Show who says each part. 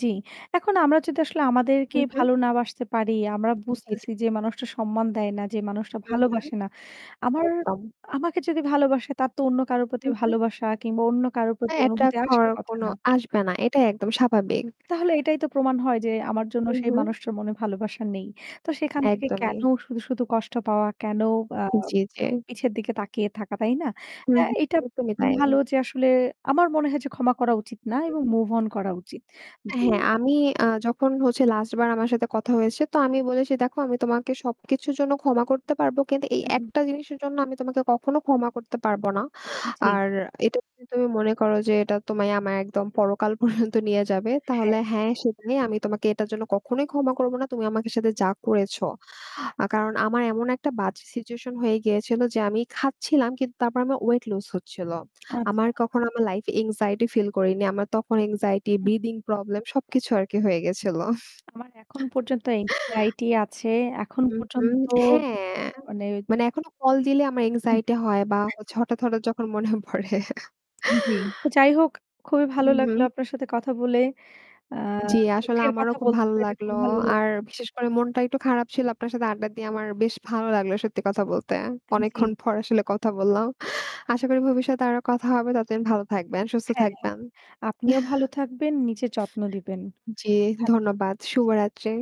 Speaker 1: জ্বি। এখন আমরা যদি আসলে আমাদেরকে
Speaker 2: হুম, হুম।
Speaker 1: ভালো না বাসতে পারি, আমরা
Speaker 2: জি, জি।
Speaker 1: বুঝতেছি যে মানুষটা সম্মান দেয় না, যে মানুষটা
Speaker 2: হুম, হুম।
Speaker 1: ভালোবাসে না। আমার
Speaker 2: একদম।
Speaker 1: আমাকে যদি ভালোবাসে তার তো অন্য কারো প্রতি
Speaker 2: উ, হু।
Speaker 1: ভালোবাসা কিংবা অন্য কারো প্রতি
Speaker 2: হ্যাঁ,
Speaker 1: অনুভূতি
Speaker 2: এট্রাক্ট, হওয়ার
Speaker 1: আসার কথা
Speaker 2: কোনো
Speaker 1: না।
Speaker 2: আসবে না, এটাই একদম স্বাভাবিক।
Speaker 1: তাহলে এটাই তো প্রমাণ হয় যে আমার জন্য
Speaker 2: হু,
Speaker 1: সেই
Speaker 2: হু।
Speaker 1: মানুষটার মনে ভালোবাসা নেই। তো সেখান থেকে কেন
Speaker 2: একদমই।
Speaker 1: শুধু, শুধু, কষ্ট পাওয়া, কেন আ
Speaker 2: জি, জি।
Speaker 1: পিছের দিকে তাকিয়ে থাকা, তাই না?
Speaker 2: হু,
Speaker 1: তা এইটাব
Speaker 2: হুম, একদমই তাই।
Speaker 1: ভালো যে আসলে আমার মনে হয় যে ক্ষমা করা উচিত না
Speaker 2: হু,
Speaker 1: এবং
Speaker 2: হু।
Speaker 1: মুভ অন করা উচিত, জি।
Speaker 2: হ্যাঁ। আমি আ যখন হচ্ছে লাস্টবার আমার সাথে কথা হয়েছে তো আমি বলেছি দেখো আমি তোমাকে সবকিছুর জন্য ক্ষমা করতে পারবো কিন্তু এই
Speaker 1: হু, হু।
Speaker 2: একটা জিনিসের জন্য আমি তোমাকে কখনো ক্ষমা করতে পারবোনা।
Speaker 1: জ্বী।
Speaker 2: আর এটা যদি তুমি মনে করো যে এটা তোমায় আমার একদম পরকাল পর্যন্ত নিয়ে যাবে তাহলে
Speaker 1: হ্যাঁ।
Speaker 2: হ্যাঁ সেটাই আমি তোমাকে এটার জন্য কখনোই ক্ষমা করব না। তুমি আমাকে সাথে যা করেছো। আ কারণ আমার এমন একটা বাজে সিচুয়েশন হয়ে গিয়েছিল যে, আমি খাচ্ছিলাম কিন্তু তারপর আমার ওয়েট লুজ হচ্ছিল। আমার
Speaker 1: আচ্ছা।
Speaker 2: কখনো আমার লাইফে এনক্সাইটি ফিল করিনি। আমার তখন এনক্সাইটি,
Speaker 1: হু।
Speaker 2: ব্রিথিং প্রবলেম সবকিছু আর কি হয়ে গেছিল।
Speaker 1: আমার এখন পর্যন্ত এক্সাইটি আছে। এখন
Speaker 2: হু, হু,
Speaker 1: পর্যন্ত
Speaker 2: হ্যাঁ।
Speaker 1: মানে
Speaker 2: মানে এখনো কল দিলে আমার এনক্সাইটি হয় বা হচ্ছে হঠাত, হঠাত যখন মনে পড়ে।
Speaker 1: জি, তো যাই হোক খুবই ভালো
Speaker 2: হুম, হুম।
Speaker 1: লাগলো আপনার সাথে কথা বলে। আ
Speaker 2: জী আসলে
Speaker 1: দুঃখের
Speaker 2: আমারও
Speaker 1: কথা
Speaker 2: খুব
Speaker 1: বলতে
Speaker 2: ভালো
Speaker 1: পেরে খুব
Speaker 2: লাগলো।
Speaker 1: ভালো
Speaker 2: আর
Speaker 1: লাগলো।
Speaker 2: বিশেষ করে মনটা একটু খারাপ ছিল। আপনার সাথে আড্ডা দিয়ে আমার বেশ ভালো লাগলো সত্যি কথা বলতে।
Speaker 1: আ জ্বি।
Speaker 2: অনেকক্ষণ পর আসলে কথা বললাম আশা করি ভবিষ্যতে আরো কথা হবে। ততদিন ভালো থাকবেন, সুস্থ
Speaker 1: হ্যাঁ,
Speaker 2: থাকবেন।
Speaker 1: আপনিও ভালো থাকবেন, নিজের যত্ন দিবেন।
Speaker 2: জী।
Speaker 1: সুস্থ থাকবেন,
Speaker 2: ধন্যবাদ
Speaker 1: জি।
Speaker 2: শুভরাত্রি।